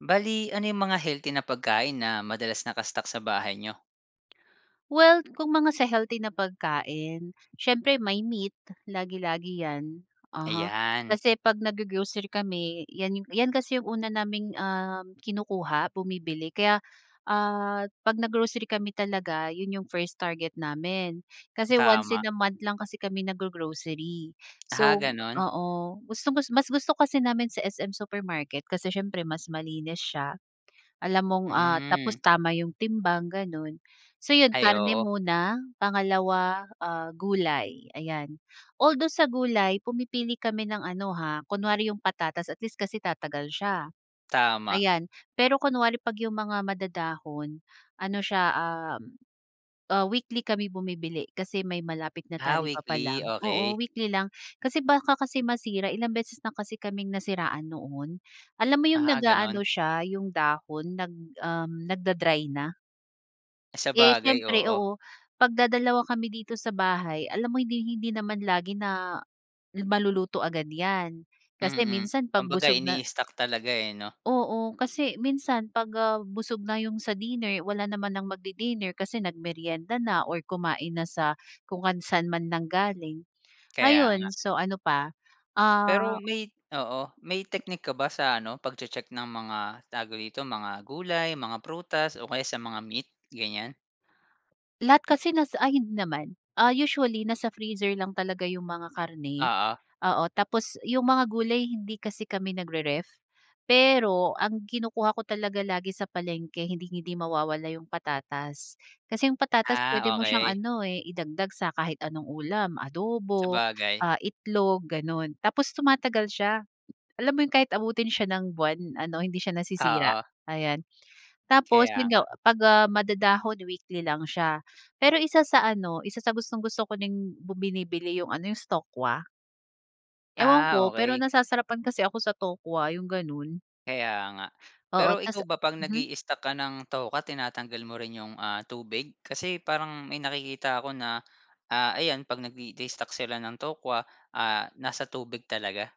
Bale, ano yung mga healthy na pagkain, na madalas naka-stock sa bahay niyo? Well, kung mga sa healthy na pagkain, siyempre may meat, lagi-lagi yan, uh-huh. Ayan. Kasi pag nag-go-grocery kami, yan yan kasi yung una naming uhm, kinukuha, bumibili. Kaya ah, 'pag nag-grocery kami talaga, yun yung first target namin. Kasi once Tama. in a month lang kasi kami nag-go-grocery. Ah, So, ganun. oo, gustong mas gusto kasi namin sa SM Supermarket, kasi siyempre mas malinis siya. Alam mong ah, tapos Hmm. tama 'yong timbang, gano'n. So 'yon, Ay, karne oo. muna, pangalawa ah gulay, ayan. Although sa gulay, pumipili kami ng ano ha, kunwari 'yong patatas at least kasi tatagal siya, Tama. ayan. Pero kunwari 'pag 'yong mga madadahon, ano siya uhm, ah, weekly kami bumibili. Kasi may malapit na Ah, talipapa weekly, lang, oo, okey. weekly lang. Kasi baka kasi masira, ilang beses na kasi kaming nasiraan noon. Alam mo 'yong Ah, nag-aano ganun. siya, 'yong dahon, nag uhm, nagda-dry na. Eh, Sabagay, siyempre, oo. oo, pag dadalawa kami dito sa bahay, alam mo hinding-hindi naman lagi na yung maluluto agad 'yan. Kasi Mm, minsan 'pag kumbaga busog na ini-stock talaga, eh, 'no? Oo, kasi minsan 'pag, ah, busog na 'yong sa dinner, wala naman ng magdi-dinner kasi nagmeryenda na or kumain na sa kung ngang sa'n man nanggaling. Kaya nga. Ayon, so ano pa? Pero Ah. may oo, may teknik ka ba sa ano, pagche-check ng mga, tawag dito, mga gulay, mga prutas o kaya sa mga meat, ganyan? Lahat kasi nasa ay hindi naman. Ah, usually nasa freezer lang talaga 'yong mga karne. Oo. Oo, tapos 'yong mga gulay hindi kasi kami nagre-ref. Pero ang kinukuha ko talaga lagi sa palengke hinding-hindi mawawala 'yong patatas. Kasi 'yong patatas puwede Ah, mo siyang okey. ano, eh, idagdag sa kahit anong ulam, adobo, Sabagay. ah, itlog, gano'n, tapos tumatagal siya. Alam mo 'yon, kahit abutin siya ng buwan ano, hindi siya nasisira, Oo. ayan. Tapos Kaya 'yon nga nga. 'pag, ah, madadahon, weekly lang siya. Pero isa sa ano, isa sa gustong-gusto ko ding bu binibili 'yong ano yung sa tokwa. Ewan Ah, ko pero okey. nasasarapan kasi ako sa tokwa yung ganun. Kaya nga Oo, pero tas ikaw ba 'pag mhm. nag-i-stock ka ng tokwa tinatanggal mo rin 'yong ah tubig kasi parang may nakikita ko na, ah, ayan 'pag nag-stock sila ng tokwa ah nasa tubig talaga.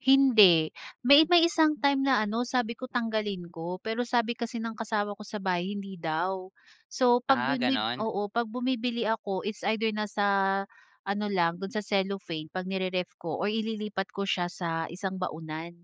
Hindi, may may isang time na ano sabi ko tanggalin ko pero sabi kasi ng kasama ko sa bahay hindi daw. So 'pag Ah, bumi ganon? oo pag bumibili ako it's either nasa ano lang do'n sa cellophane 'pag nire-ref ko or ililipat ko siya sa isang baunan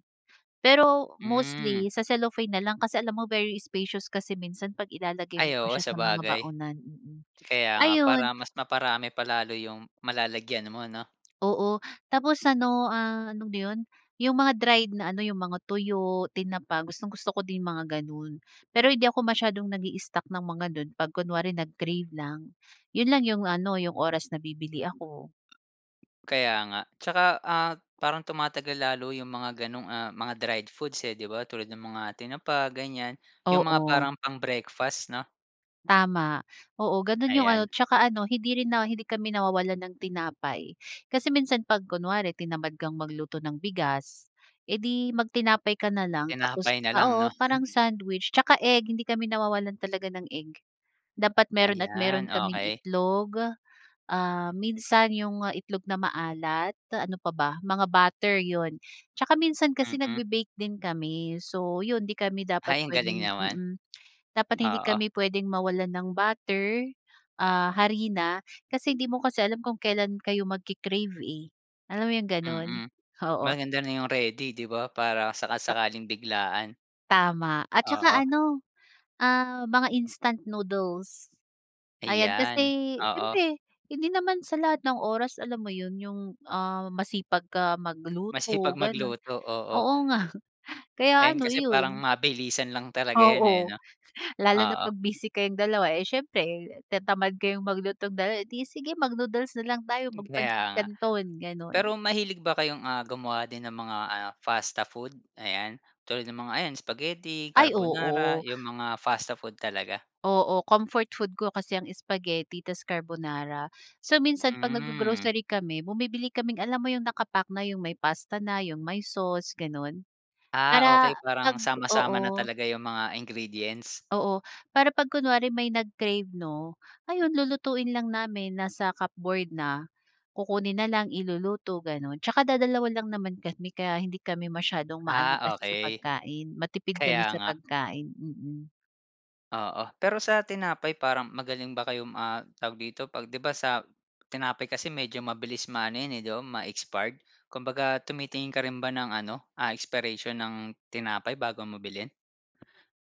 pero Hmm. mostly sa cellophane na lang kasi alam mo very spacious kasi minsan 'pag ilalagay mo Ay, pa oo siya sa mga sabagay. baunan, mm. Kaya nga, Ayun. para mas maparami pa lalo yung malalagyan mo, 'no? Oo tapos ano, ah, ano ba yun yung mga dried na ano yung mga tuyo, tinapa gustong gusto ko din yung mga ganun pero hindi ako masyadong nag-i stock ng mga nun pag kunwari nag-crave lang yun lang yung ano yung oras na bibili ako. Kaya nga tsaka, ah, parang tumatagal lalo yung mga ganong, ah, mga dried foods, eh, di ba tulad ng mga tinapa ganyan yung mga Oo. parang pang breakfast, 'no? Tama, oo, gano'n yung Ayan. ano tsaka ano hindi rin na hindi kami nawawalan ng tinapay kasi minsan 'pag kunwari tinamad kang magluto ng bigas, eh di magtinapay ka na lang tapos Tinapay na lang, oo, 'no? parang sandwich 'tsaka egg hindi kami nawawalan talaga ng egg. Dapat meron at meron Ayan, kaming okey itlog, ah, minsan yung itlog na maalat ano pa ba mga butter 'yon, 'tsaka minsan kasi Mm. nagbe-bake din kami so 'yon 'di kami dapat Hay, ang galing pwedeng naman, mm, dapat hindi oo. kami pwedeng mawalan ng butter, ah, harina kasi hindi mo kasi alam kung kailan kayo magke-crave eh, alam mo yung ganon, Mm, oo. maganda na yung ready, 'di ba, para Ta saka-sakaling biglaan. Tama at tsaka Oo. ano, ah, mga instant noodles ayan kasi Ayan, oo. siyempre hindi naman sa lahat ng oras alam mo yun yung, ah, masipag ka Masipag, magluto ganun magluto, oo. oo nga kaya Ayan, ano, kasi parang iyon. mabilisan lang talaga 'ya, Oo, eh, no? lalo na Oo. pag busy kayong dalawa. Eh, siyempre tinatamad kayong maglutong dalawa, eh, di sige mag-noodles na lang tayo, Kaya magpansit nga. canton Pero ganun. mahilig ba kayong, ah, gumawa din ng mga, ah, pasta food ayan tulad ng mga ayan spaghetti, Ay carbonara oo. yung mga pasta food talaga? Oo, comfort food ko kasi ang spaghetti ta's carbonara. So, minsan pag Hmm. naggo-grocery kami bumibili kaming alam mo yung naka-pack na yung may pasta na yung may sauce ganun, Ah, para okey parang pag sama-sama na oo. talaga yung mga ingredients. Oo, para pag kunwari may nag-crave, 'no, ayun lulutuin lang namin nasa cupboard na kukunin na lang iluluto ganun, tsaka dadalawa lang naman kami kaya hindi kami masyadong maano Ah, kasi sa okey, pagkain, matipid kaya kami sa nga. pagkain, mm. Oo. Pero sa tinapay parang magaling ba kayong, um ah, tawag dito, 'pag di ba sa tinapay kasi medyo mabilis maano yan eh, ma-expired, kumbaga tumitingin ka rin ba ng ano, ah, expiration ng tinapay bago mo bilhin?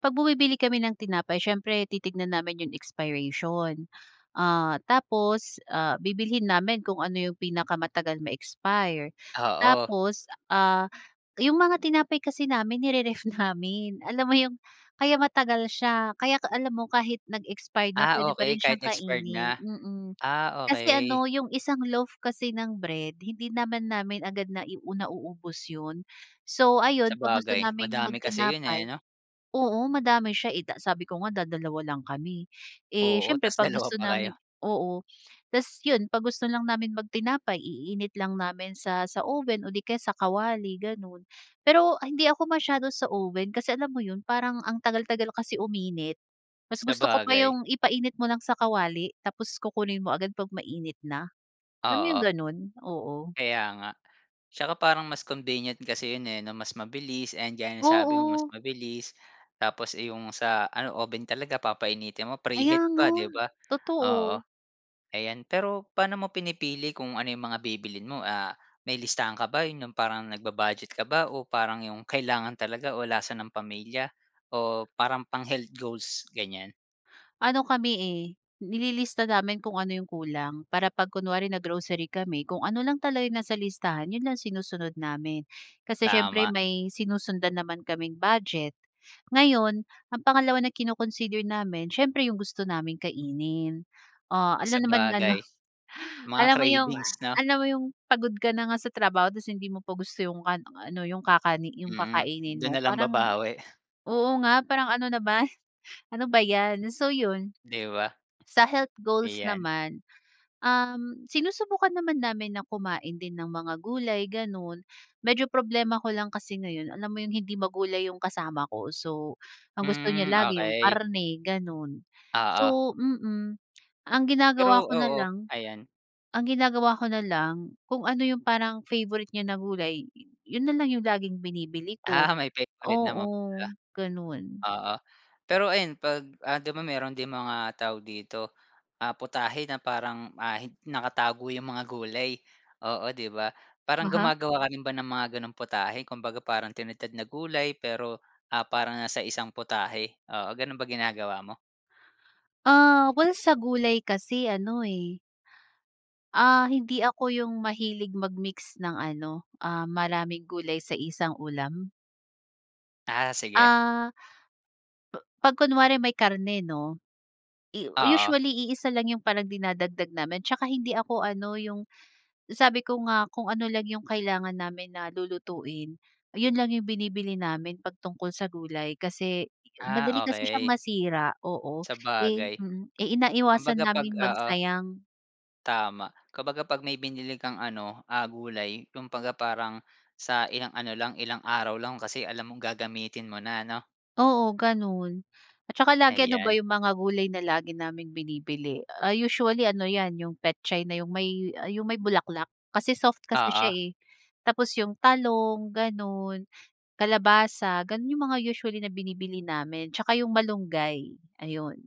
'Pag bumibili kami ng tinapay, siyempre titignan namin yung expiration. Ah, tapos, ah, bibilhin namin kung ano yung pinakamatagal ma-expire. Oo. Tapos, ah, yung mga tinapay kasi namin ni-re-ref namin. Alam mo yung kaya matagal siya. Kaya ka alam mo kahit nag-expired na, Ah puwede pa okay, rin kahit siyang expired kainin, na. mm. Ah Kasi okay. ano, yung isang loaf kasi ng bread, hindi naman namin agad nai u nauubos yun. So ayun, kapag gusto Sabagay, naming mag madami kasi yun eh, tinapay 'no? oo, madami siya, eh da sabi ko nga dadalawa lang kami. Eh, Oo, siyempre ta's 'pag dalawa gusto pa kayo. namin oo. Ta's yun, 'pag gusto lang naming mag tinapay, iinit lang namin sa sa oven o 'di kaya sa kawali ganon Pero, hindi ako masyado sa oven kasi alam mo yun, parang ang tagal-tagal kasi uminit. Mas gusto ko pa Sabagay. yung ipainit mo lang sa kawali tapos kukunin mo agad 'pag mainit na. Alam mo yung Oo. ganun? Oo. Kaya nga. Tsaka parang mas convenient kasi yun eh 'no, mas mabilis. And gaya ng sabi mo, mas Oo. mabilis tapos, eh yung sa ano, oven talaga papainitin mo, Kaya preheat nga, pa, 'di ba? Oo, totoo. ayan. Pero paano mo pinipili kung ano yung mga bibilhin mo? Ah, may listahan ka ba, yun yung parang nag-bu-budget ka ba o parang yung kailangan talaga o lasa ng pamilya, o parang pang-health goals, ganiyan? Ano kami, eh, nililista namin kung ano yung kulang. Para 'pag kunwari na-grocery kami kung ano lang talaga yung nasa listahan 'yon lang sinusunod namin. Kasi siyempre Tama. may sinusundan naman kaming budget. Ngayon ang pangalawa na kino-consider namin siyempre yung gusto naming kainin. Ah, alangan naman ano. Sabagay, mga Alam mo yung a cravings 'no? alam mo yung pagod ka na nga sa trabaho tapos hindi mo pa gusto yung [unintelligible] yung ano yung kakani yung Mm, kakainin do'n mo. na lang Parang, babawi. oo nga parang ano naman ano ba 'yan? So 'yon, Di ba? sa health goals Ayan. naman, uhm, sinusubukan naman namin na kumain din ng mga gulay gano'n. Medyo problema ko lang kasi ngayon alam mo yung hindi magulay yung kasama ko. So, ang gusto niya Hmm. lagi yung Okey. karne, gano'n. Oo. So, mm, ang Pero ginagawa ko na oo, lang, ayan. ang ginagawa ko na lang kung ano yung parang favorite niya na gulay 'yon na lang yung laging binibili ko. Ah, may favorite naman pala, Oo, gano'n. oo. Pero ayan 'pag, ah, 'di ba mayroon din mga tawag dito, ah, putahe na parang, ah, hin nakatago yung mga gulay. Oo 'di ba? Parang Aha. gumagawa ka rin ba ng mga gano'ng putahe, kumbaga parang tinadtad na gulay pero, ah, parang nasa isang putahe, oo, gano'n ba ginagawa mo? Ah, well sa gulay kasi ano eh. Ah, hindi ako yung mahilig mag-mix ng ano, ah, maraming gulay sa isang ulam. Ah, sige. Ah. 'Pag kunwari may karne 'no. Oo. Usually iisa lang 'yong parang dinadagdag namin 'tsaka hindi ako ano 'yong sabi ko nga kung ano lang 'yong kailangan namin na lulutuin, 'yon lang 'yong binibili namin 'pag tungkol sa gulay kasi madali Ah, kasi siyang okey. masira oo, eh, Sabagay. mm Kumbaga iniiwasan 'pag namin oo. magsayang. Tama. Kumbaga 'pag may binili kang ano, ah, gulay kumabaga parang, sa ilang ano lang, ilang araw lang kasi alam mong gagamitin mo na ano? Oo gano'n. At tsaka lagi ano ba Ayan. 'yong mga gulay na lagi naming binibili, ah, usually ano 'yan 'yong petchay na 'yong may 'yong may bulaklak kasi soft kasi Oo. siya eh. Tapos 'yong talong, gano'n, kalabasa gano'n 'yong mga usually na binibili namin tsaka 'yong malunggay. Ayun,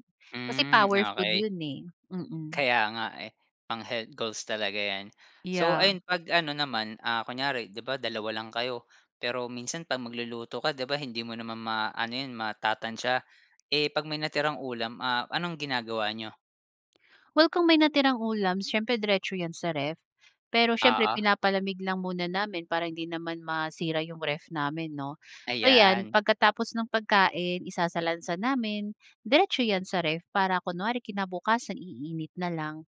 kasi Hmm, power food okay. 'yon eh. Mmm. Kaya nga eh. Pang-health goals talaga 'yan. So Yeah. ayun 'pag ano naman, ah, kunyari 'di ba 2 lang kayo? Pero minsan 'pag magluluto ka 'di ba hindi mo naman maa-ano 'yon matatantsa. Eh, 'pag may natirang ulam, ah, anong ginagawa n'yo? Well, kung may natirang ulam, siyempre diretso yan sa ref. Pero, siyempre Oo. pinapalamig lang muna namin para hindi naman masira yung ref namin 'no. So 'yan Ayan. pagkatapos ng pagkain, isasalansan namin, diretso yan sa ref. Para, kunwari kinabukasan iinit na lang,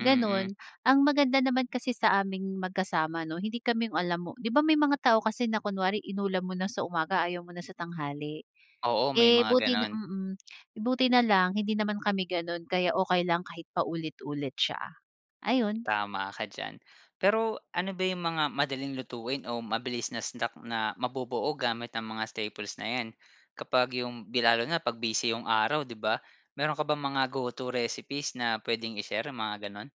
Mm. ganun. Ang maganda naman kasi sa aming magkasama 'no, hindi kami yung alam mo 'di ba, may mga tao kasi na kunwari inulam mo na sa umaga ayaw mo na sa tanghali. Oo, may Eh, mga buti na ganun. mm, buti na lang hindi naman kami gano'n. Kaya okey lang kahit paulit-ulit siya. Ayon. Tama ka diyan. Pero ano ba yung mga madaling lutuin o mabilis na snack, na mabubuo gamit ang mga staples na 'yan. Kapag yung bi lalo na pag busy yung araw, 'di ba. Meron ka bang mga go-to recipes na puwedeng i-share, mga gano'n?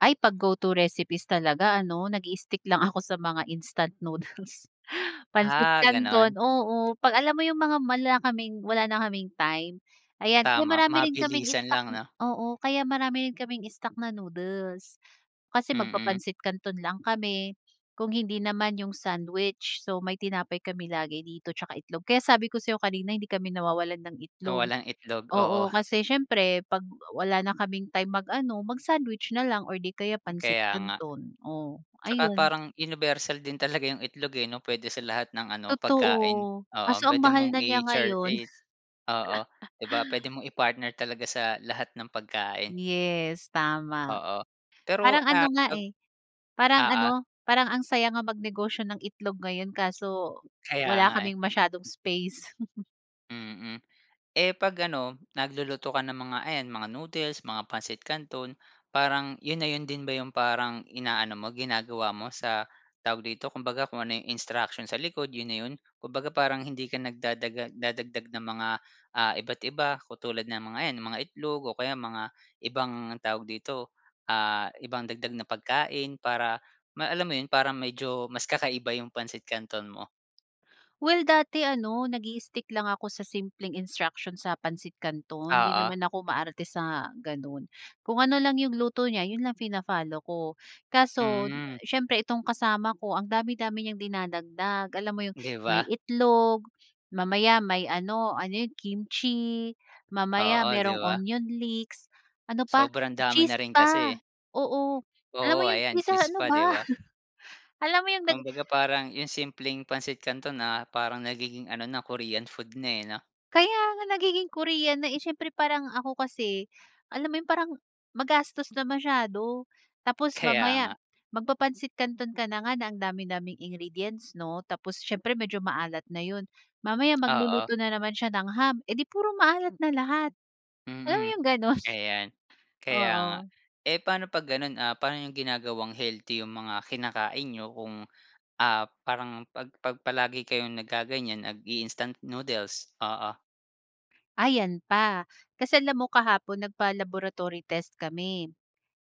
Ay, 'pag go-to recipes talaga, ano, nag-stick lang ako sa mga instant noodles, pansit Ah, gano'n. canton, oo. Pag alam mo yung, mga wala kaming wala na kaming time, ayan kaya Tama, marami rin kaming mabilisan stock. lang no? Oo, kaya marami rin kaming stock na noodles. Kasi Mm. magpapansit canton lang kami. Kung hindi naman, yung sandwich. So, may tinapay kami lagi dito, tsaka itlog. Kaya sabi ko sa 'yo kanina hindi kami nawawalan ng Na itlog. walang itlog, Oo, oo. kasi siyempre, 'pag wala na kaming time mag-ano, mag-sandwich na lang, or 'di kaya pansit Kaya nga. canton. O, Tsaka, ayun. parang universal din talaga 'yong itlog eh, 'no, puwede sa lahat ng ano pagkain. Totoo, kaso Oo. ang Puwede mahal mong na niya i-shar ngayon. e Oo, puwede mong i-partner talaga sa lahat ng pagkain. Yes tama. Oo. Pero Parang ano ah, nga op eh, parang oo. ano parang ang saya nga mag negosyo ng itlog ngayon, kaso, Kaya wala nga eh. kaming masyadong space. Mhm, eh, 'pag ano, nagluluto ka ng mga ayan, mga noodles, mga pansit canton, parang yon na yon din ba yong, parang ina-ano mo, ginagawa mo sa, tawag dito? Kumbaga kung ano yong instruction sa likod yon na 'yon? Kumbaga parang, hindi ka nagdadaga nagdadagdag ng mga, ah, iba't-iba, katulad ng mga yan, mga itlog, o kaya mga ibang, tawag dito? Ah, ibang dagdag na pagkain. Para alam mo yon, para medyo mas kakaiba yong pansit canton mo? Well, dati ano, nagi-stick lang ako sa simpleng instruction sa pansit canton. Hindi Oo. naman ako maarte sa ganun. Kung ano lang yong luto niya, yun lang fina-follow ko. Kaso, Mm. siyempre itong kasama ko ang dami-dami niyang dinadagdag. Alam mo yong 'Di may ba? itlog. Mamaya may ano ano yun kimchi. Mamaya Oo, 'di merong ba? onion leeks. Ano pa, Sobrang dami na cheese rin kasi. pa. Oo, alam Oo, mo yong ayan isa, cheese ano pa, ba? 'di ba? Alam mo yong nag Kumbaga, parang yung simpleng pansit canton na, parang nagiging ano na Korean food na, eh, noh? Kaya nga! Nagiging Korean na eh. Siyempre parang ako kasi, alam mo yung parang, magastos na masyado. Tapos Kaya mamaya nga. magpa-pansit canton ka na nga, na ang dami-daming ingredients, 'no? Tapos, siyempre medyo maalat na yun. Mamaya Oo. magluluto na naman siya ng ham. Eh, di puro maalat na lahat. Alam mo Mm. yung ganun? Ayan. Kaya nga. Oo. Eh, pa'no 'pag gano'n? Ah, parang yung ginagawang healthy yung mga kinakain niyo kung, ah, parang pag pag palagi kayong nagaganyan nag-i-instant noodles. Oo. Ah, yan pa. Kasi alam mo, kahapon nagpa-laboratory test kami.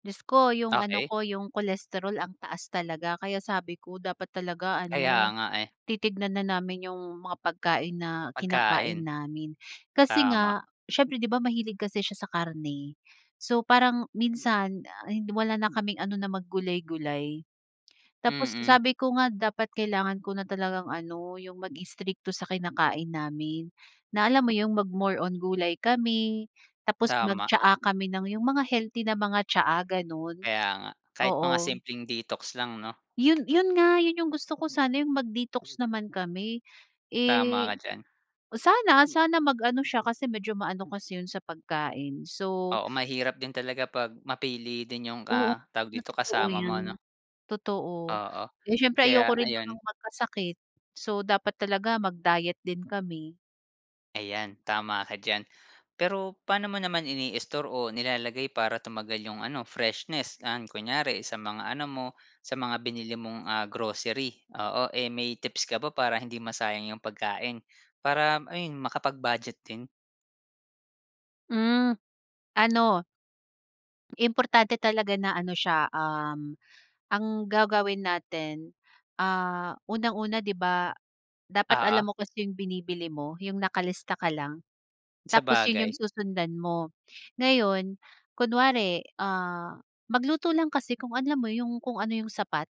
Diyos ko, yung ano Okey. ko, yung cholesterol ang taas talaga. Kaya sabi ko, dapat talaga Kaya ano, nga eh. titignan na namin yung mga pagkain na kinakain Pagkain. namin. Kasi Tama. nga, siyempre 'di ba, mahilig kasi siya sa karne. So, parang minsan, ah, wala na kaming ano na mag-gulay-gulay. Tapos Mm. sabi ko nga, dapat kailangan ko na talagang ano, yung mag-strikto sa kinakain namin, na, alam mo yun, mag-more on gulay kami. Tapos Tama. mag-tsaa kami ng, yung mga healthy na mga tsaa, ganun. Kaya nga, kahit mga Oo. simpleng detox lang, 'no? Yun yun nga, yun yung gusto ko sana. Yung mag-detox naman kami, Tama ka eh, diyan. sana sana mag-ano siya kasi medyo ma-ano kasi yun sa pagkain. So Oo, mahirap din talaga 'pag mapili din yung, Oo ah, tawag nga, dito, totoo kasama mo, 'no? yan. Totoo. Oo. Eh, siyempre ayoko Kaya rin ayun. namang magkasakit. So, dapat talaga mag-diet din kami. Ayan, tama ka diyan. Pero paano mo naman ini-store o nilalagay para tumagal yung ano, freshness? Yan, kunyari sa mga ano mo, sa mga binili mong, ah, grocery, oo. Eh, may tips ka ba para hindi masayang yung pagkain? Para ayun, makapag-budget din? Hmm ano, importante talaga na ano siya, um, ang gagawin natin, ah, unang-una 'di ba, dapat Oo. alam mo kasi 'yong binibili mo, 'yong nakalista ka lang. Tapos 'yon 'yong Sabagay. susundan mo. Ngayon, kunware, ah, magluto lang kasi kung alam mo 'yong kung ano 'yong sapat,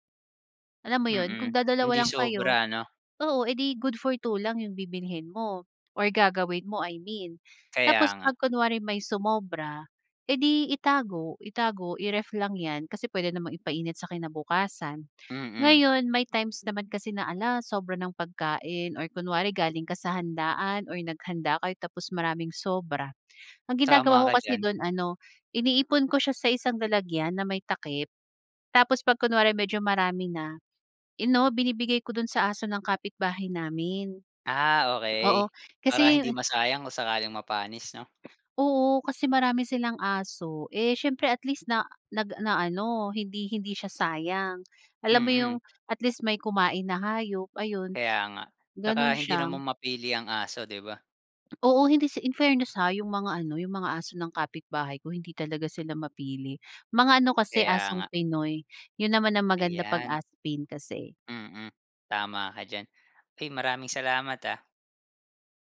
alam mo 'yon. Mm, Kung hindi dadalawa lang kayo, sobra no? oo eh di good for 2 lang 'yong bibilhin mo or gagawin mo, I mean. Tapos Kaya nga. pag kunwari may sumobra, eh, di itago, itago, i-ref lang 'yan. Kasi puwede namang ipa-init sa kinabukasan. Mm. Ngayon may times naman kasi na, ala sobra ng pagkain, or kunwari galing ka sa handaan or naghanda kayo tapos maraming sobra. Ang Tama ginagawa ko ka kasi diyan. do'n ano, iniipon ko siya sa isang lalagyan na may takip. Tapos pag kunware medyo marami na, ano binibigay ko dun sa aso ng kapitbahay namin. Ah, okey, Oo, para kasi hindi masayang kung sakaling mapanis 'no. Oo, kasi marami silang aso, eh, syempre at least na nag na ano hindi hindi siya nasayang. Alam mo Mm. 'yong, at least may kumain na hayop ayun, Kaya nga, saka ganun hindi siya. naman mapili ang aso, 'di ba. Oo hindi sa, infairness ha yung mga ano, yung mga aso ng kapitbahay ko hindi talaga sila mapili. Mga ano kasi, Kaya nga. asong Pinoy. Yun naman ang maganda 'pag Ayan. Aspin kasi. Mm, tama ka diyan. Uy, maraming salamat ah!